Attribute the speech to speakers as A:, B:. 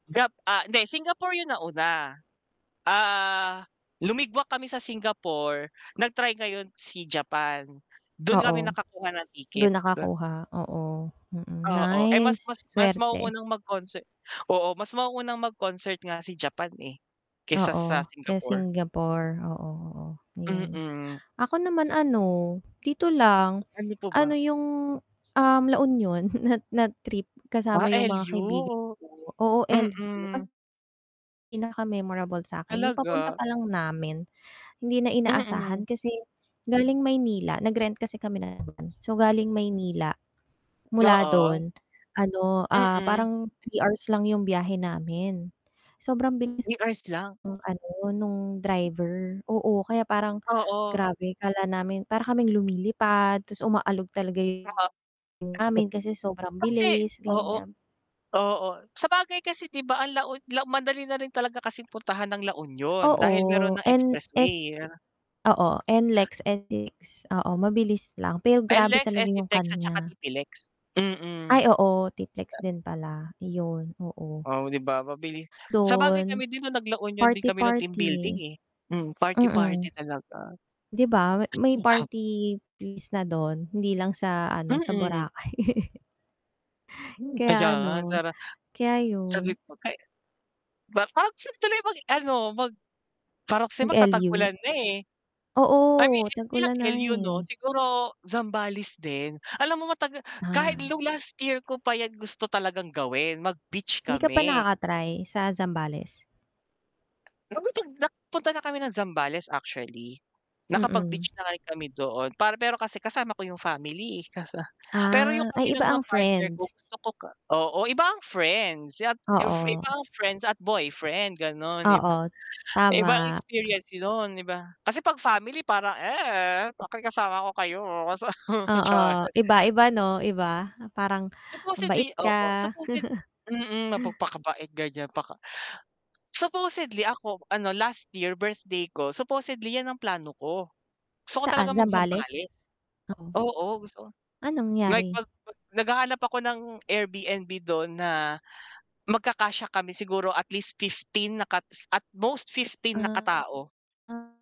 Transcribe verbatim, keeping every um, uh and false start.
A: Jap ah, di Singapore yun nauna, ah, lumigwak kami sa Singapore, nag-try ngayon si Japan, dun kami
B: Oo,
A: nakakuha ng
B: dun
A: ticket. Dun
B: nakakuha, oo, mm.
A: Oo. Eh, mas
B: Nice,
A: mas mas
B: swerte.
A: mauunang mag-concert oo mas mauunang mag-concert nga si Japan, eh, kaysa sa
B: Oo, kaya
A: Singapore.
B: Singapore, oo, oo, yun.
A: Mm.
B: Ako naman ano dito lang
A: Ano po
B: ano
A: ba?
B: yung, um, La Union na na trip
A: Ah,
B: kasama yung mga kaibigan
A: L-U.
B: ko oo, L-U.
A: Mm.
B: Pinaka-memorable sa akin yung papunta
A: Talaga.
B: pa lang namin, hindi na inaasahan
A: Mm.
B: kasi galing Maynila nag-rent kasi kami ng van. So galing Maynila mula
A: Oo.
B: don ano, ah,
A: Mm.
B: parang three hours lang 'yong biyahe namin. Sobrang bilis
A: three hours lang.
B: ng ano, nong driver oo, kaya parang
A: Oo.
B: grabe akala namin para kaming lumilipad tas umaalog talaga
A: Oo. [unintelligible]
B: 'yung namin kasi sobrang
A: Kasi,
B: bilis,
A: oo,
B: ganyan.
A: oo. Sabagay kasi di ba ang La Un la madali na rin talaga kasing puntahan ang La Union dahil meron
B: Oo,
A: ng expressway.
B: N-S oo, N-LEX, N-LEX, oo, mabilis lang, pero grabe
A: N-LEX,
B: talaga yung
A: S-C-TEX at saka
B: kanya.
A: T-P-LEX, mm.
B: Ay, oo T-PLEX din pala. Yun, oo.
A: Oh, di ba mabilis. Sabagay
B: Dun,
A: kami din nung nag-La Union din kami nung team building,
B: party-party.
A: eh. Mm, party-party
B: Mm.
A: talaga.
B: Di ba, ma may party place na dun, hindi lang sa ano, sa
A: Mm.
B: Boracay.
A: Hmm,
B: Kaya ano,
A: ayan, sara
B: kaya
A: sabi
B: yun.
A: ko kay ba pang sa tuloy mag-ano, mag parang kasi magtatag
B: Mag-L-U.
A: ulan na, eh. I mean,
B: Oo,
A: hindi lang
B: tag-ulan na,
A: L-U no,
B: eh.
A: siguro Zambales din, alam mo mataga kahit
B: Ah.
A: nung last year ko pa yan gusto talagang gawin mag-beach
B: Hindi ka pa
A: kami.
B: nakaka-try sa Zambales?
A: Alam mo 'pag nagpunta na kami ng Zambales actually.
B: Mm.
A: Nakapag-beach na rin kami doon para pero kasi kasama ko yung family. Kasa pero yung
B: Ah. Ay,
A: kami lang
B: iba
A: ng
B: ang
A: partner ko
B: friends.
A: gusto ko, ka oo, iba ang friends at if iba
B: Oo.
A: ang friends at boyfriend ganon iba
B: Oo
A: iba ang
B: tama.
A: experience dun, di ba? Kasi 'pag family parang, "Eh, bakit kasama ko kayo." sa char.
B: Oo, iba, iba no, iba parang mabait
A: Supposedly, oo,
B: ka.
A: supposed mm, napagpakabait ganyan paka supposedly ako ano last year birthday ko, supposedly yan ang plano ko. Gusto ko talaga
B: Saan, Zambales?
A: mag-Zambales,
B: Oo.
A: oo, gusto ko
B: Anong
A: like
B: nangyari?
A: 'pag naghahanap ako ng Airbnb dun na magkakasya kami siguro at least fifteen, na kat at most fifteen na
B: Ah.
A: katao.